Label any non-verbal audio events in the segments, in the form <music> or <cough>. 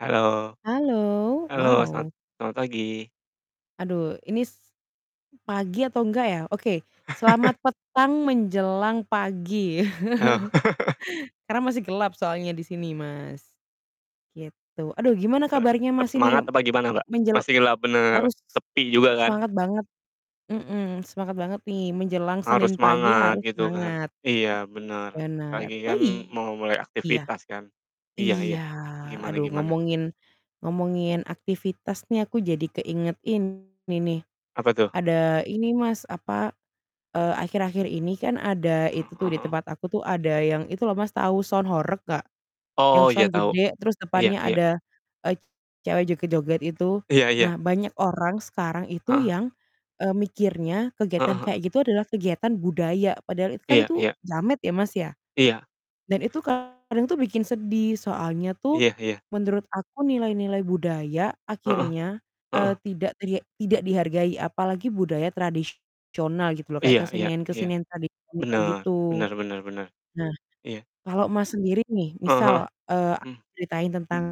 Halo. Halo, Halo set wow. selamat pagi. Aduh ini pagi atau enggak ya? Oke, selamat <chuckles> petang menjelang pagi. Oh. <chuckles> <chuckles> Karena masih gelap soalnya di sini, Mas, gitu. Aduh gimana Eee, kabarnya tetap Mas, ini semangat apa gimana, Mbak? menjel Masihlah, bener, harus, sepi juga kan? semangat banget. Mhm, semangat banget nih menjelang Senin Harus pagi semangat harus gitu kan. semangat. Iya, bener apa Benar. lagi Oh, kan mau mulai iya? aktivitas kan. Iya iya, Iya, gimana aduh gimana? ngomongin ngomongin aktivitas nih, aku jadi keingetin ini nih, Apa tuh? ada ini Mas, apa, eee, akhir-akhir ini kan ada Mhm, itu tuh heeh di heeh. tempat aku tuh ada yang itu loh Mas, tahu sound horeg nggak? Yang Oh, iya sound tahu. gede terus Iya depannya iya. ada, eee, cewek joget-joget itu. Iya iya. Nah, banyak orang sekarang itu Heeh. yang, eee, mikirnya Heeh kegiatan heeh. kayak gitu adalah kegiatan budaya, padahal itu kan Iya itu iya. jamet ya, Mas, ya. Iya. Dan itu kadang tuh bikin sedih, soalnya tuh Iya iya. menurut aku nilai-nilai budaya Heeh. akhirnya, eee, Heeh. tidak teriek tidak dihargai. Apalagi budaya tradisional gitu loh kayak Iya iya iya. kesenian-kesenian tradisional Bener, gitu. bener bener bener, Nah, iya. kalau Mas, sendiri nih Heeh heeh. misal, eee, aku Mmm. ceritain tentang,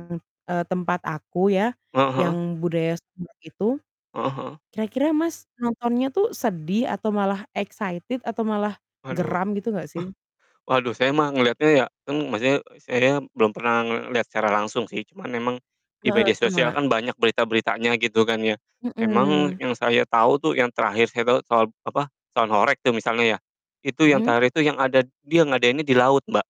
eee, tempat aku ya, Heeh heeh. yang budaya sound horeg itu, Heeh heeh. kira-kira Mas, nontonnya tuh sedih atau malah excited atau malah Waduh. geram gitu nggak sih? <chuckles> Waduh, saya mah ngelihatnya ya kan maksudnya saya belum pernah ngelihat secara langsung sih, cuman emang di Heeh, media sosial sama. kan banyak berita-beritanya gitu kan ya. Emang Mhm. yang saya tahu tuh, yang terakhir saya tahu soal apa, sound horeg tuh misalnya ya, itu yang Mhm. terakhir itu yang ada dia ngadainnya di laut, Mbak.